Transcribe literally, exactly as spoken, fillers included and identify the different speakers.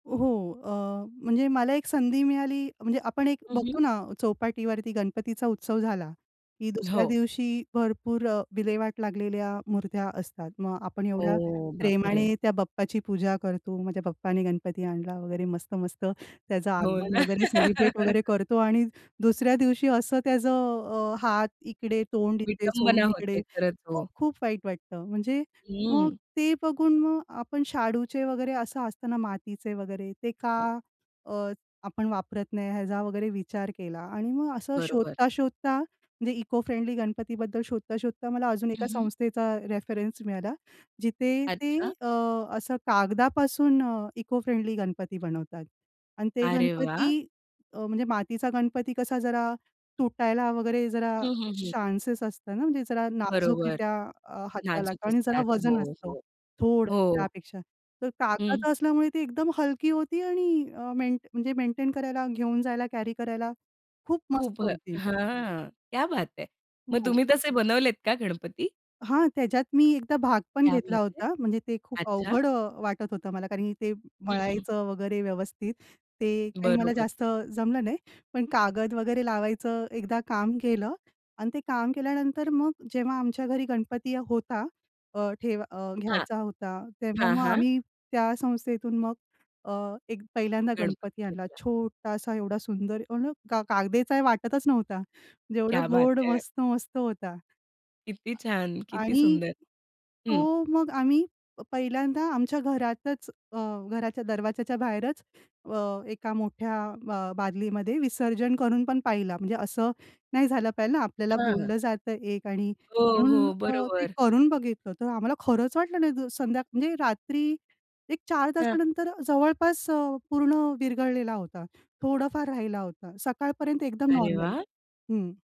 Speaker 1: हो अ, म्हणजे मला एक संधी मिळाली म्हणजे आपण एक
Speaker 2: हं, हं.
Speaker 1: बघतो ना चौपाटीवरती गणपतीचा उत्सव झाला की दुसऱ्या
Speaker 2: हो.
Speaker 1: दिवशी भरपूर अ, विल्हेवाट लागलेल्या मूर्त्या असतात. मग आपण एवढ्या
Speaker 2: ओ बापरे!
Speaker 1: प्रेमाने त्या बाप्पाची पूजा करतो, "माझ्या बाप्पाने गणपती आणला" वगैरे मस्त-मस्त त्याचं
Speaker 2: हो
Speaker 1: आगमन
Speaker 2: ना.
Speaker 1: वगैरे सेलिब्रेट वगैरे करतो आणि दुसऱ्या दिवशी असं त्याचं अ, हात इकडे, तोंड इथे,
Speaker 2: विटंबना
Speaker 1: सोंड
Speaker 2: होते
Speaker 1: इकडे,
Speaker 2: खरंच हो.
Speaker 1: खूप-खूप वाईट वाटतं. म्हणजे मग
Speaker 2: हम्म.
Speaker 1: ते बघून मग आपण शाडूचे वगैरे असं असतं ना मातीचे वगैरे, ते
Speaker 2: हं, हं.
Speaker 1: का अ, आपण वापरत नाही याचा वगैरे विचार केला आणि मग असं
Speaker 2: बरोबर.
Speaker 1: शोधता-शोधता म्हणजे इको फ्रेंडली गणपतीबद्दल शोधता-शोधता मला अजून
Speaker 2: हं,
Speaker 1: एका
Speaker 2: हं.
Speaker 1: संस्थेचा रेफरन्स मिळाला. जिथे ते
Speaker 2: अच्छा.
Speaker 1: अ, असं कागदापासून अ, इको फ्रेंडली गणपती बनवतात आणि ते
Speaker 2: अरे वाह!
Speaker 1: गणपती अ, म्हणजे मातीचा गणपती कसा जरा तुटायला वगैरे जरा
Speaker 2: हं, हं, हं.
Speaker 1: चान्सेस असतं ना, म्हणजे जरा
Speaker 2: बरोबर.
Speaker 1: नाजूकरित्या अ, हाताला
Speaker 2: नाजूक
Speaker 1: आणि जरा
Speaker 2: असतात. हो,
Speaker 1: वजन असतं,
Speaker 2: हो.
Speaker 1: थोडंसं
Speaker 2: हो.
Speaker 1: त्यापेक्षा. तर
Speaker 2: हं.
Speaker 1: कागदाचं असल्यामुळे ती एकदम हलकी होती आणि अ, मेंट म्हणजे मेंटेन करायला, घेऊन जायला, कॅरी करायला खूप
Speaker 2: खूप
Speaker 1: मस्त
Speaker 2: हं
Speaker 1: होती.
Speaker 2: हां क्या बात है! मग
Speaker 1: हो.
Speaker 2: तुम्ही तसे बनवलेत का गणपती?
Speaker 1: हां, त्याच्यात मी एकदा भाग पण
Speaker 2: क्या
Speaker 1: घेतला
Speaker 2: बात है!
Speaker 1: होता. म्हणजे ते खूप
Speaker 2: अच्छा.
Speaker 1: अवघड अ, वाटत होतं मला कारण की ते
Speaker 2: हं, हं.
Speaker 1: मळायचं वगैरे व्यवस्थित, ते काही मला
Speaker 2: बरोबर.
Speaker 1: जास्त जमलं नाही. पण कागद वगैरे लावायचं एकदा काम केलं आणि ते काम केल्यानंतर मग जेव्हा आमच्या घरी गणपती होता अ, ठेव अ,
Speaker 2: हां.
Speaker 1: घ्यायचा होता, तेव्हा
Speaker 2: हां,
Speaker 1: मग
Speaker 2: हां.
Speaker 1: आम्ही त्या संस्थेतून मग अ, एक पहिल्यांदा
Speaker 2: गणपती
Speaker 1: गणपती आणला
Speaker 2: घेतला.
Speaker 1: छोटासा, एवढा सुंदर, एवना का कागदेचा आहे वाटतच नव्हता म्हणजे एवढा
Speaker 2: क्या बात
Speaker 1: गोड
Speaker 2: है!
Speaker 1: मस्त-मस्त होता.
Speaker 2: किती छान!
Speaker 1: आ
Speaker 2: किती
Speaker 1: आणि
Speaker 2: सुंदर! हं.
Speaker 1: तो मग आम्ही पहिल्यांदा आमच्या घरातच अ, घराच्या दरवाजाच्या बाहेरच अ, एका मोठ्या अ, बादलीमध्ये विसर्जन करून पण पाहिला. म्हणजे असं नाही झालं पाहिजेल ना आपल्याला
Speaker 2: हां, हां.
Speaker 1: बोललं जातं एक आणि
Speaker 2: हो,
Speaker 1: म्हणून
Speaker 2: हो,
Speaker 1: अ, ते
Speaker 2: बरोबर.
Speaker 1: करून बघितलं, तर आम्हाला खरंच वाटलं नाही. द संध्या म्हणजे रात्री एक चार
Speaker 2: हां.
Speaker 1: तासानंतर जवळपास अ, पूर्ण विरघळलेला होता, थोडाफार राहिला होता. सकाळपर्यंत एकदम
Speaker 2: अरे
Speaker 1: नॉर्मल.
Speaker 2: वाह!
Speaker 1: हं.